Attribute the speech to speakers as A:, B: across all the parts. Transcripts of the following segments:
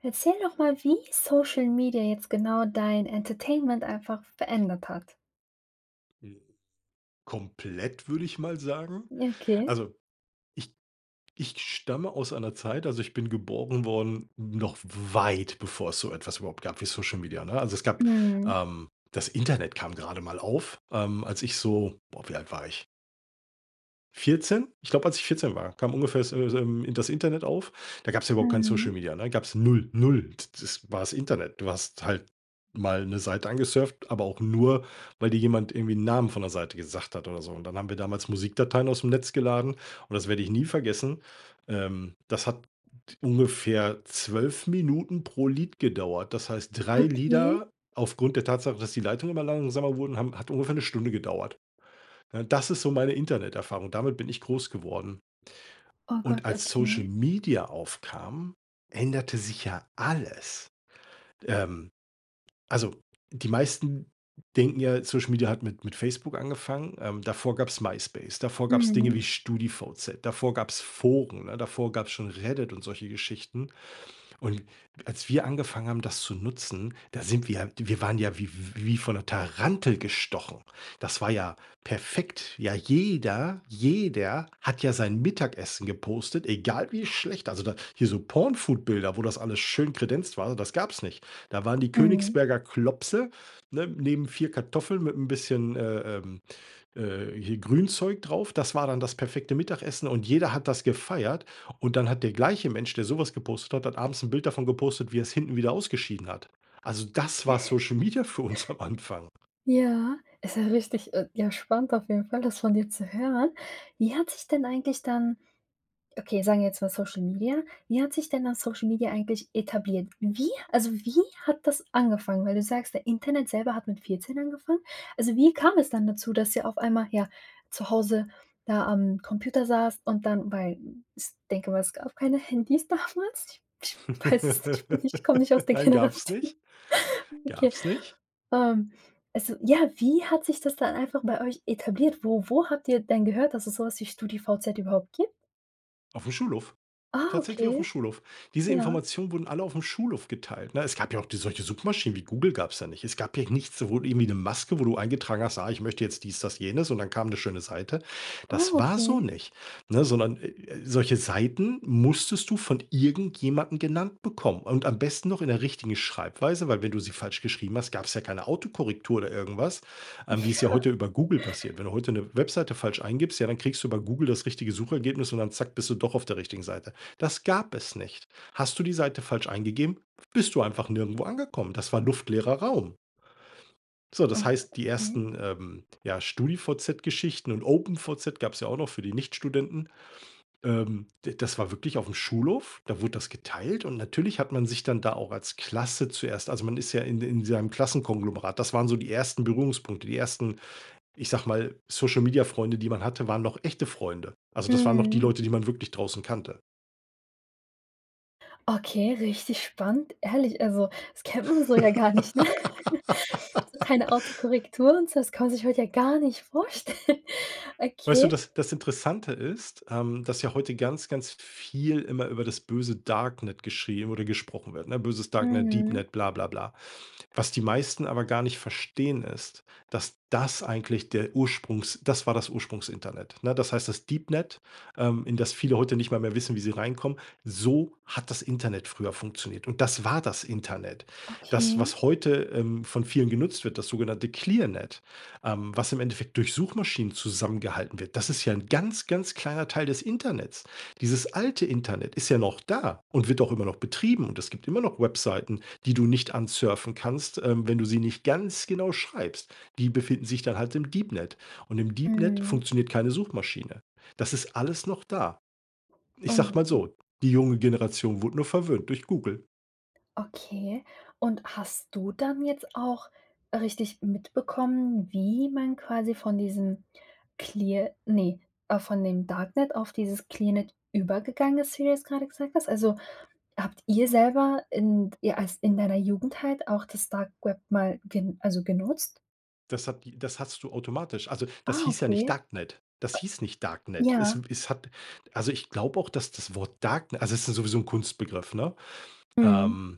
A: Erzähl doch mal, wie Social Media jetzt genau dein Entertainment einfach verändert hat.
B: Hm. Komplett würde ich mal sagen.
A: Okay.
B: Also, ich ich stamme aus einer Zeit also, ich bin geboren worden, noch weit bevor es so etwas überhaupt gab wie Social Media, ne? Also es gab
A: Mhm.
B: ähm, das Internet kam gerade mal auf, ähm, als ich so boah, wie alt war ich? 14? Ich glaube, als ich 14 war, kam ungefähr so so, ähm, das Internet auf. Da gab's ja überhaupt kein Social
A: Mhm.
B: Media, ne? Gab's 0. 0. T das war das Internet, du hast halt mal 'ne Seite angesurft, aber auch nur, weil dir jemand irgendwie 'n Namen von 'ner Seite gesagt hat oder so, und dann haben wir damals Musikdateien ausm Netz geladen und das werde ich nie vergessen. Ähm, das hat ungefähr 12 Minuten pro Lied gedauert. Das heißt, 3
A: Okay.
B: Lieder aufgrund der Tatsache, dass die Leitungen immer langsamer wurden, haben hat ungefähr 'ne Stunde gedauert. Ne, das ist so meine Interneterfahrung. Damit bin ich groß geworden.
A: Oh
B: Und
A: Gott,
B: als Social
A: okay.
B: Media aufkam, änderte sich ja alles. Ähm, also die meisten denken ja, Social Media hat mit mit Facebook angefangen. Ähm, davor gab's MySpace, davor gab's Dinge
A: Mhm.
B: wie StudiVZ, davor gab's Foren, ne, davor gab's schon Reddit und solche Geschichten. Und als wir angefangen haben, das zu nutzen, da sind wir ja wir waren ja wie w wie von 'ner Tarantel gestochen. Das war ja perfekt. Ja, jeder, jeder hat ja sein Mittagessen gepostet, egal wie schlecht. Also da hier so porn food Bilder, wo das alles schön kredenzt war, das gab's nicht. Da waren die
A: Mhm.
B: Königsberger Klopse, ne, neben 4 Kartoffeln mit 'n bisschen, äh, ähm, äh, hier Grünzeug drauf. Das war dann das perfekte Mittagessen, und jeder hat das gefeiert. Und dann hat der gleiche Mensch, der so was gepostet hat hat abends 'n Bild davon gepostet, wie er's hinten wieder ausgeschieden hat. Also das war Social Media für uns am Anfang.
A: Ja, ist ja richtig, äh, ja, spannend auf jeden Fall, das von dir zu hören. Wie hat sich denn eigentlich dann okay, sagen wir jetzt mal Social Media, wie hat sich denn dann Social Media eigentlich etabliert? Wie also wie hat das angefangen? Weil du sagst, der Internet selber hat mit 14 angefangen? Also wie kam es dann dazu, dass ihr auf einmal, ja, zu Hause da am Computer saßt und dann bei, s denk ich mal, es gab keine Handys damals? Ich weiß es nicht, ich bin nicht ich komme nicht aus der
B: Nein, gab's
A: Generation.
B: nicht.
A: Okay.
B: Gab's nicht.
A: Ähm. Also ja, wie hat sich das dann einfach bei euch etabliert? Wo wo habt ihr denn gehört, dass es so was für StudiVZ überhaupt gibt?
B: Aufm Schulhof.
A: Ah,
B: Tatsächlich aufm
A: okay.
B: Schulhof. Diese
A: Ja.
B: Informationen wurden alle aufm Schulhof geteilt, ne? Es gab ja auch die solche Suchmaschinen, wie Google gab's ja nicht. Es gab ja nichts, sowohl irgendwie 'ne Maske, wo du eingetragen hast: „Ah, ich möchte jetzt dies, das jenes“ und dann kam 'ne schöne Seite. Das
A: Oh,
B: war so
A: okay.
B: nicht, ne, sondern, äh, äh, solche Seiten musstest du von irgendjemandem genannt bekommen und am besten noch in der richtigen Schreibweise, weil wenn du sie falsch geschrieben hast, gab's ja keine Autokorrektur oder irgendwas, ähm,
A: Ja.
B: wie es ja heute über Google passiert. Wenn du heute 'ne Webseite falsch eingibst, ja, dann kriegst du über Google das richtige Suchergebnis und dann zack, bist du doch auf der richtigen Seite. Das gab es nicht. Hast du die Seite falsch eingegeben, bist du einfach nirgendwo angekommen. Das war luftleerer Raum. So, das heißt, die
A: Okay.
B: 1., ähm, ja StudiVZ Geschichten und OpenVZ gab's ja auch noch für die Nichtstudenten. Ähm, de das war wirklich aufm Schulhof, da wurde das geteilt und natürlich hat man sich dann da auch als Klasse zuerst also man ist ja in de in seinem Klassenkonglomerat. Das waren so die 1. Berührungspunkte, die 1., ich sage mal, Social Media Freunde, die man hatte, waren noch echte Freunde. Also, das waren noch die
A: Mhm.
B: Leute, die man wirklich draußen kannte.
A: Okay, richtig spannend. Ehrlich, also das kennt man so ja gar nicht, ne? Keine Autokorrektur und so, das kann man sich heute ja gar nicht vorstellen.
B: Weißt du,
A: Okay.
B: das das Interessante ist, ähm, dass ja heute ganz, ganz viel immer über das böse Darknet geschrieben oder gesprochen wird, ne? Böses Darknet,
A: Mhm.
B: Deepnet, bla bla bla. Was die meisten aber gar nicht verstehen, ist, dass das eigentlich der Ursprungs das war das Ursprungsinternet, ne? Das heißt, das Deepnet, ähm, in das viele heute nicht mal mehr wissen, wie sie reinkommen, so hat das Internet früher funktioniert. Und das war das Internet. Das,
A: Okay.
B: was heute, ähm, von vielen genutzt wird, das sogenannte Clearnet, ähm, was im Endeffekt durch Suchmaschinen zusammengehalten wird, das ist ja 'n ganz, ganz kleiner Teil des Internets. Dieses alte Internet ist ja noch da und wird auch immer noch betrieben und es gibt immer noch Webseiten, die du nicht ansurfen kannst, ähm, wenn du sie nicht ganz genau schreibst. Die befinden sich dann halt im Deepnet und im Deepnet
A: Mhm.
B: funktioniert keine Suchmaschine. Das ist alles noch da. Ich
A: Und
B: sage
A: d
B: mal so, die junge Generation wurde nur verwöhnt durch Google.
A: Okay. Und hast du dann jetzt auch richtig mitbekommen, wie man quasi von diesem clear ne, äh, von dem Darknet auf dieses Clearnet übergegangen ist, wie du das grade gesagt hast. Also, habt ihr selber in d ihr als in deiner Jugend halt auch das Dark Web mal ge also genutzt?
B: Das hat die das hattest du automatisch. Also, das
A: Ah,
B: hieß ja nicht
A: okay.
B: Darknet. Das hieß nicht Darknet. Es
A: Ja.
B: w es hat also, ich glaube auch, dass das Wort Darkne also es ist sowieso 'n Kunstbegriff, ne?
A: Mhm.
B: Ähm,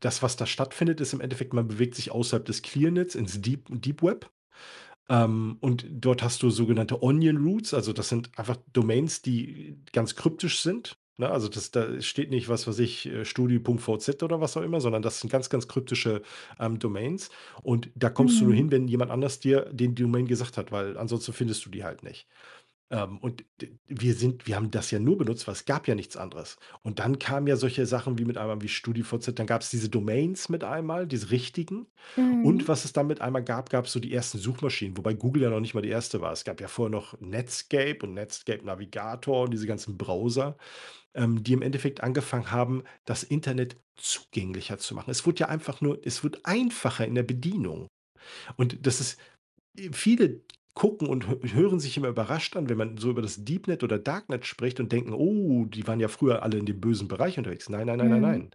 B: das, was da stattfindet, ist im Endeffekt, man bewegt sich außerhalb des Clearnets ins Deep Deep Web, ähm, und dort hast du sogenannte Onion Roots, also das sind einfach Domains, die ganz kryptisch sind, ne? Also das da steht nicht, was weiß ich, äh, Studi.vz oder was auch immer, sondern das sind ganz, ganz kryptische, ähm, Domains. Und da kommst du nur hin,
A: Mhm.
B: wenn jemand anders dir den Domain gesagt hat, weil ansonsten findest du die halt nicht. Ähm, und d wir sind wir haben das ja nur benutzt, weil es gab ja nichts anderes. Und dann kamen ja solche Sachen wie, mit einmal wie StudiVZ, dann gab's diese Domains mit einem Mal, diese richtigen. Und
A: Mhm.
B: was es dann mit einmal gab, gab's so die ersten Suchmaschinen, wobei Google ja noch nicht mal die 1. war. Es gab ja vorher noch „Netscape“ und „Netscape Navigator“ und diese ganzen Browser, ähm, die im Endeffekt angefangen haben, das Internet zugänglicher zu machen. Es wurde ja einfach nur es wurde einfacher in der Bedienung. Und das ist, äh viele gucken und hö hören sich immer überrascht an, wenn man so über das Deepnet oder Darknet spricht und denken: „Oh, die waren ja früher alle in dem bösen Bereich unterwegs.“ Nein, nein, nein, nein,
A: Mhm.
B: nein.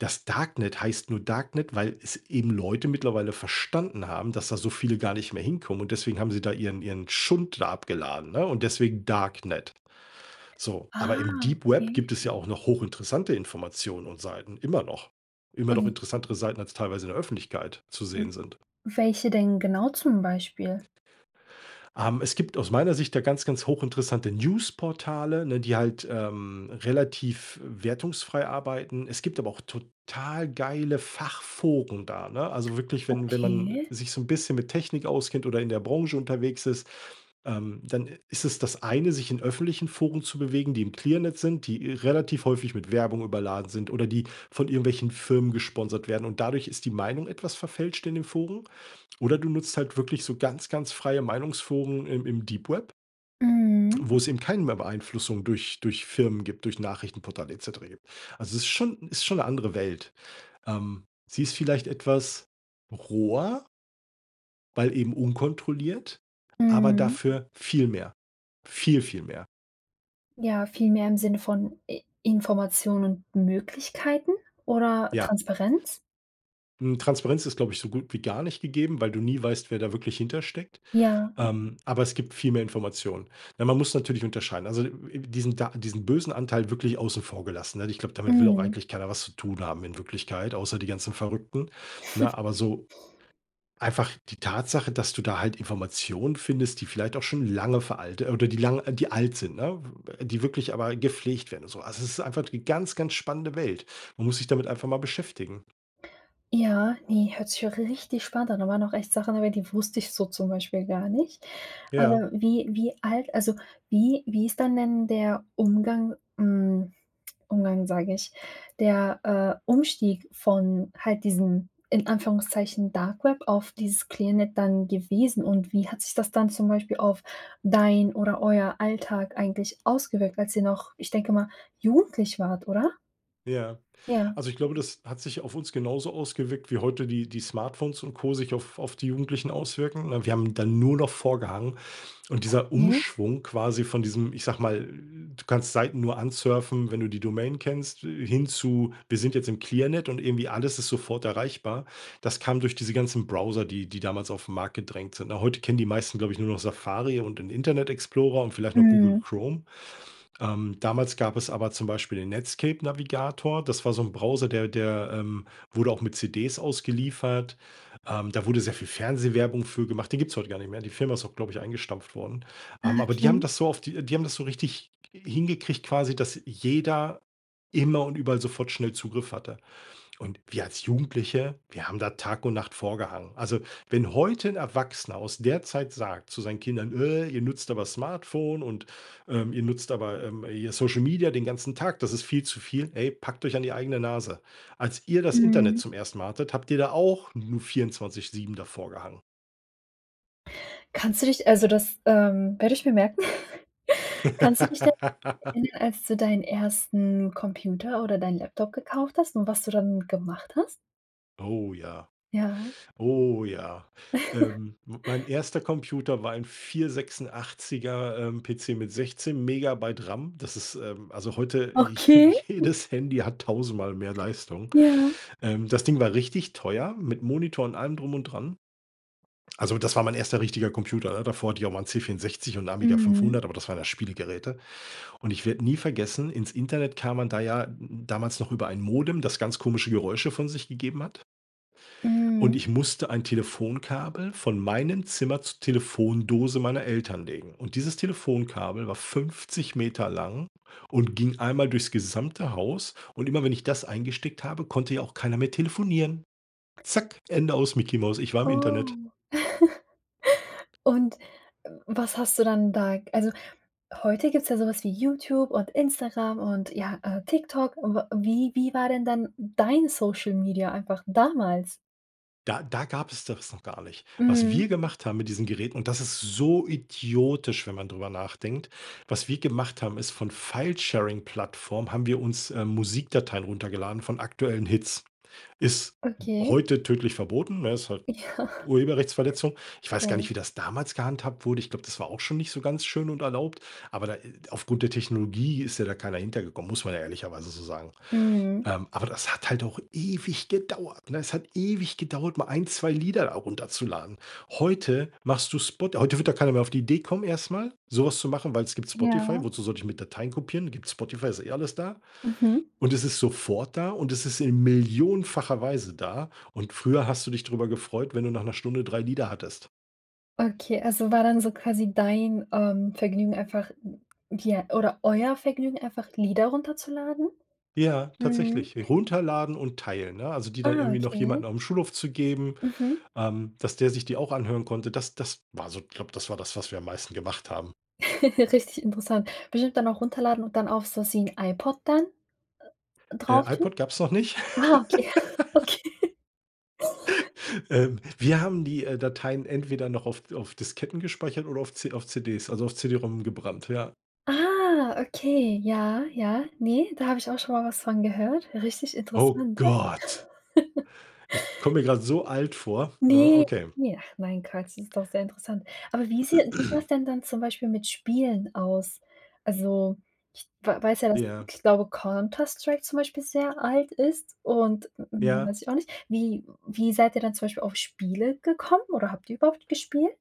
B: Das Darknet heißt nur Darknet, weil es eben Leute mittlerweile verstanden haben, dass da so viele gar nicht mehr hinkommen und deswegen haben sie da ihren ihren Schund da abgeladen, ne, und deswegen Darknet. So, aber im
A: Ah,
B: Deep Web
A: okay.
B: gibt es ja auch noch hochinteressante Informationen und Seiten, immer noch. Immer noch
A: Ähm.
B: interessantere Seiten, als teilweise in der Öffentlichkeit zu sehen
A: [unintelligible]
B: sind.
A: Welche denn genau zum Beispiel?
B: Ähm, es gibt aus meiner Sicht ja ganz, ganz hochinteressante News Portale, ne, die halt, ähm, relativ wertungsfrei arbeiten. Es gibt aber auch total geile Fachforen da, ne? Also wirklich, wenn wenn man
A: Okay.
B: sich so 'n bisschen mit Technik auskennt oder in der Branche unterwegs ist, ähm, dann i ist es das eine, sich in öffentlichen Foren zu bewegen, die im Clearnet sind, die eh relativ häufig mit Werbung überladen sind oder die von irgendwelchen Firmen gesponsert werden und dadurch ist die Meinung etwas verfälscht in den Foren. Oder du nutzt halt wirklich so ganz, ganz freie Meinungsforen im im Deep Web,
A: Mhm.
B: wo es eben keinen mehr Beeinflussung durch durch Firmen gibt, durch Nachrichtenportal et cetera gibt. Also ist schon ist schon 'ne andere Welt. Ähm, sie ist vielleicht etwas roher weil eben unkontrolliert, aber
A: Mhm.
B: dafür viel mehr. Viel, viel mehr.
A: Ja, vielmehr im Sinne von I Informationen und Möglichkeiten oder
B: Ja.
A: Transparenz?
B: Hm, Transparenz ist, glaube ich, so gut wie gar nicht gegeben, weil du nie weißt, wer da wirklich hinter steckt.
A: Ja.
B: Ähm, aber es gibt viel mehr Informationen. Ne, man muss natürlich unterscheiden. Also diesen da diesen bösen Anteil wirklich außen vor gelassen, ne, ich glaube, damit will auch
A: Mhm.
B: eigentlich keiner was zu tun haben in Wirklichkeit, außer die ganzen Verrückten, ne? Aber so einfach die Tatsache, dass du da halt Informationen findest, die vielleicht auch schon lange veralte oder die lang äh, die alt sind, ne? W äh, die wirklich aber gepflegt werden und so. Also es ist einfach die ganz, ganz spannende Welt. Man muss sich damit einfach mal beschäftigen.
A: Ja, ne, hört sich auch richtig spannend an. Da waren noch echt Sachen dabei, die wusste ich so zum Beispiel gar nicht.
B: Ja.
A: Aber wie wie alt also, wie wie ist dann denn der Umgang hm, Umgang, sage ich, der, äh, Umstieg von halt diesem, in Anführungszeichen Darkweb auf dieses Clearnet dann gewesen? Und wie hat sich das dann zum Beispiel auf dein oder euer Alltag eigentlich ausgewirkt, als ihr noch, ich denke mal, jugendlich wart, oder?
B: Ja,
A: Ja.
B: also ich glaube, das hat sich auf uns genauso ausgewirkt, wie heute die die Smartphones und Co sich auf auf die Jugendlichen auswirken. Wir haben dann nur noch vor gehangen und dieser
A: Okay.
B: Umschwung, quasi von diesem, ich sage mal, du kannst Seiten nur ansurfen, wenn du die Domain kennst, hin zu, wir sind jetzt im Clearnet und irgendwie alles ist sofort erreichbar. Das kam durch diese ganzen Browser, die die damals auf 'n Markt gedrängt sind. Na, heute kennen die meisten, glaube ich, nur noch Safari und den Internet Explorer und vielleicht noch Google
A: Mhm.
B: Chrome. Ähm, damals gab es aber zum Beispiel den Netscape Navigator. Das war so 'n Browser, der der, ähm, wurde auch mit CDs ausgeliefert. Ähm, da wurde sehr viel Fernsehwerbung für gemacht. Den gibt's heute gar nicht mehr. Die Firma ist auch, glaube ich, eingestampft worden. Ähm,
A: Ah,
B: aber die haben
A: okay.
B: das so auf die die haben das so richtig hingekriegt quasi, dass jeder immer und überall sofort schnell Zugriff hatte. Und wir als Jugendliche, wir haben da Tag und Nacht vor gehangen. Also, wenn heute 'n Erwachsener aus der Zeit sagt zu seinen Kindern: „Äh, ihr nutzt aber Smartphone und, ähm, ihr nutzt aber, ähm, hier Social Media den ganzen Tag, das ist viel zu viel.“ Ey, packt euch an die eigene Nase. Als ihr das Internet
A: Mhm.
B: zum 1. Mal hattet, habt ihr da auch nur 24 7 davorgehangen.
A: Kannst du dich also das, ähm, werde ich mir merken. Kannst du dich denn, [unintelligible] als du deinen 1. Computer oder deinen Laptop gekauft hast? Und was du dann damit gemacht hast?
B: Oh ja.
A: Ja.
B: Oh ja! Ähm, mein 1. Computer war ein 486er, ähm, PC mit 16 Megabyte RAM. Das ist, ähm, also heute j
A: Okay.
B: jedes Handy hat tausendmal mehr Leistung.
A: Ja.
B: Ähm, das Ding war richtig teuer, mit Monitor und allem drum und dran. Also das war mein 1. richtiger Computer. Da davor hatte ich auch mal 'n C 64 und Amiga
A: Mhm.
B: 500, aber das ware ja Spielegeräte. Und ich werde nie vergessen, ins Internet kam man da ja damals noch über ein Modem, das ganz komische Geräusche von sich gegeben hat. Und
A: Mhm.
B: ich musste ein Telefonkabel von meinem Zimmer zur Telefondose meiner Eltern legen und dieses Telefonkabel war 50 Meter lang und ging einmal durchs gesamte Haus. Und immer wenn ich das eingesteckt habe, konnte ja auch keiner mehr telefonieren. Zack! Ende aus, Micky Maus. Ich war im Internet.
A: Oh.. Und, was hast du dann da Also, heute gibt's ja so was wie YouTube, und Instagram, und, ja, äh, TikTok. Und wie wie wie war denn dann dein Social Media einfach damals?
B: Da da gab's das noch gar nicht. Was wir
A: Mhm.
B: gemacht haben mit diesen Geräten, und das ist so idiotisch, wenn man drüber nachdenkt... Was wir gemacht haben ist, von Filesharing-Plattformen haben wir uns, ähm, Musikdateien runtergeladen von aktuellen Hits. Ist
A: Okay.
B: heute tödlich verboten, ne? Ist halt,
A: Ja.
B: Urheberrechtsverletzung. Ich weiß gar
A: Ja.
B: nicht, wie das damals gehandhabt wurde. Ich glaube, das war auch schon nicht so ganz schön und erlaubt. Aber da äh, aufgrund der Technologie ist ja da keiner hinter gekommen. Muss man ja ehrlicherweise so sagen.
A: Mhm.
B: Ähm, aber das hat halt auch ewig gedauert, ne? Es hat ewig gedauert mal 1, 2 Lieder da runterzuladen. Heute, machst du Spot heute würde da keiner mehr auf die Idee kommen erst mal so was zu machen, weil es gibt
A: Ja.
B: Spotify. Wozu sollte ich mir Dateien kopieren? Gibt Spotify, ist eh alles da.
A: Mhm.
B: Und es ist sofort da. Und es ist in millionenfacher Weise da. Und früher hast du dich drüber gefreut, wenn du nach 'ner Stunde 3 Lieder hattest.
A: Okay, also war dann so quasi dein, ähm, Vergnügen einfach ja oder euer Vergnügen, einfach Lieder runterzuladen?
B: Ja,
A: Mhm.
B: tatsächlich, runterladen und teilen, ne? Also die dann
A: Ah,
B: irgendwie noch
A: okay.
B: jemanden aufm Schulhof zu geben,
A: Mhm.
B: ähm, dass der sich die auch anhören konnte. Das das war so ich glaube, das war das, was wir am meisten gemacht haben.
A: Richtig interessant. Bestimmt dann auch runterladen und dann auf, zu ziehen iPod dann, äh,
B: Äh,
A: drauf tun?
B: iPod gab's noch nicht.
A: Ah, okay, okay.
B: Ähm, wir haben die, äh, Dateien entweder noch auf auf Disketten gespeichert oder auf C auf CDs, also auf CD-ROM gebrannt, ja.
A: Ah, okay, ja, ja, ne, da habe ich auch schon mal was von gehört. Richtig
B: Oh
A: interessant.
B: Gott. Ich komme mir grad so alt vor, ne,
A: Ne,
B: okay.
A: ne, ach nein Quatsch, das ist doch sehr interessant. Aber wie seh wie sah es denn dann zum Beispiel mit Spielen aus? Also, ich wa weiß ja, dass
B: Ja.
A: ich glaube, „Counter-Strike“ zum Beispiel sehr alt ist und mehr
B: Ja.
A: weiß ich auch nicht. Wie wie seid ihr dann zum Beispiel auf Spiele gekommen oder habt ihr überhaupt gespielt?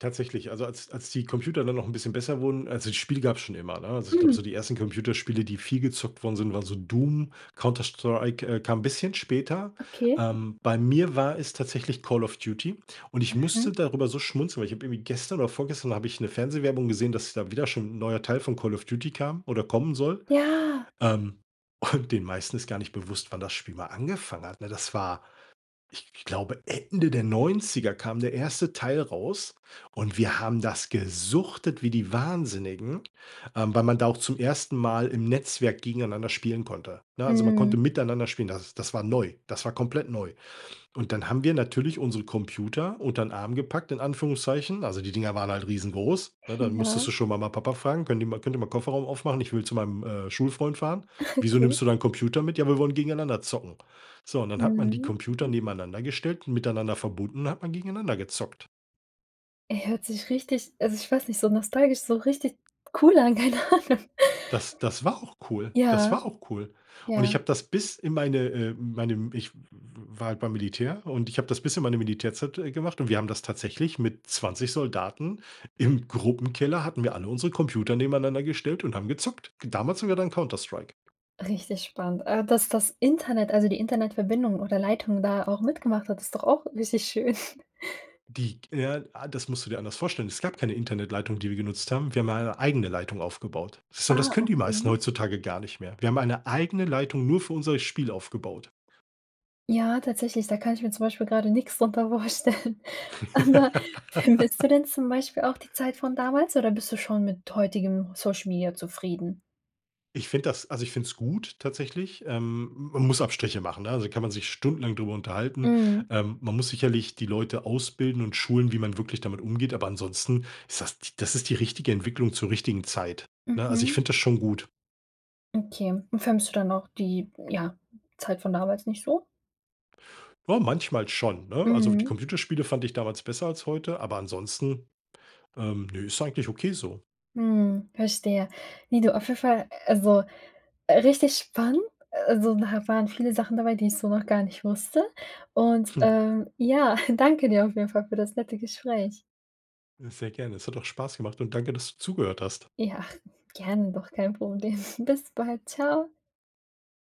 B: Tatsächlich, also als als die Computer dann noch 'n bisschen besser wurden also, das Spiel gab's schon immer, ne? Also, ich glaube so
A: Mhm.
B: die 1. Computerspiele, die viel gezockt worden sind, waren so „Doom“, „Counter-Strike“, äh, kam 'n bisschen später.
A: Okay.
B: Ähm, bei mir war es tatsächlich „Call of Duty“ und ich musste
A: Mhm.
B: darüber so schmunzeln, weil ich habe irgendwie gestern oder vorgestern habe ich 'ne Fernsehwerbung gesehen, dass da wieder schon 'n neuer Teil von „Call of Duty“ kam oder kommen soll.
A: Ja.
B: Ähm, und den meisten ist gar nicht bewusst, wann das Spiel mal angefangen hat, ne, das war, ich glaube, Ende der 90er kam der 1. Teil raus und wir haben das gesuchtet wie die Wahnsinnigen, ähm, weil man da auch zum 1. Mal im Netzwerk gegeneinander spielen konnte, ne? Also man konnte
A: Mhm.
B: miteinander spielen, das das war neu, das war komplett neu. Und dann haben wir natürlich unsere Computer untern Arm gepackt, in Anführungszeichen. Also die Dinger waren halt riesengroß, ne? Dann musstest
A: Ja.
B: du schon Mama Papa fragen: „Könnt ihr mal könnt ihr mal Kofferraum aufmachen? Ich will zu meinem, äh, Schulfreund fahren.“ „Wieso
A: Okay.
B: nimmst du deinen Computer mit?“ “Ja, wir wollen gegeneinander zocken.“ So, und dann hat man die
A: Mhm.
B: Computer nebeneinander gestellt und miteinander verbunden und dann hat man gegeneinander gezockt.
A: Ey, hört sich richtig also ich weiß nicht, so nostalgisch, so richtig cool an, keine Ahnung.
B: Das das war auch cool. Das
A: Ja.
B: war auch cool. Und ich
A: Ja.
B: habe das bis in meine, äh, meinem ich w war halt beim Militär, und ich habe das bis in meine Militärzeit, äh, gemacht, und wir haben das tatsächlich mit 20 Soldaten im Gruppenkeller hatten wir alle unsere Computer nebeneinander gestellt und haben gezockt. Damals haben wir dann Counter-Strike
A: Richtig spannend. Also, dass das Internet, also die Internetverbindung oder Leitung da auch mitgemacht hat, ist doch auch richtig schön.
B: Die ja, ah, das musst du dir anders vorstellen. Es gab keine Internetleitung, die wir genutzt haben. Wir haben ja eine eigene Leitung aufgebaut. So, das
A: Ah,
B: können die meisten
A: okay.
B: heutzutage gar nicht mehr. Wir haben eine eigene Leitung nur für unser Spiel aufgebaut.
A: Ja, tatsächlich, da kann ich mir zum Beispiel grade nix drunter vorstellen. Aber vermisst du denn zum Beispiel auch die Zeit von damals, oder bist du schon mit heutigem Social Media zufrieden?
B: Ich finde das also ich find's gut, tatsächlich. Ähm, man muss Abstriche machen, ne? Also kann man sich stundenlang drüber unterhalten.
A: Mhm.
B: Ähm, man muss sicherlich die Leute ausbilden und schulen, wie man wirklich damit umgeht, aber ansonsten ist das das ist die richtige Entwicklung zur richtigen Zeit, ne? Also ich
A: Mhm.
B: finde das schon gut.
A: Okay, und vermisst du dann auch die, ja, Zeit von damals nicht so?
B: Ja, manchmal schon, ne? Also, die
A: Mhm.
B: Computerspiele fand ich damals besser als heute, aber ansonsten, ähm, nö, ist eigentlich okay so.
A: Mhm. Verstehe. Wie du, auf jeden Fall also, äh, richtig spannend. Also, da waren viele Sachen dabei, die ich so noch gar nicht wusste. Und, äh, ja, danke dir auf jeden Fall für das nette Gespräch.
B: Sehr gerne. Es hat auch Spaß gemacht und danke, dass du zugehört hast.
A: Ja, gerne doch. Kein Problem. Bis bald. Tschau.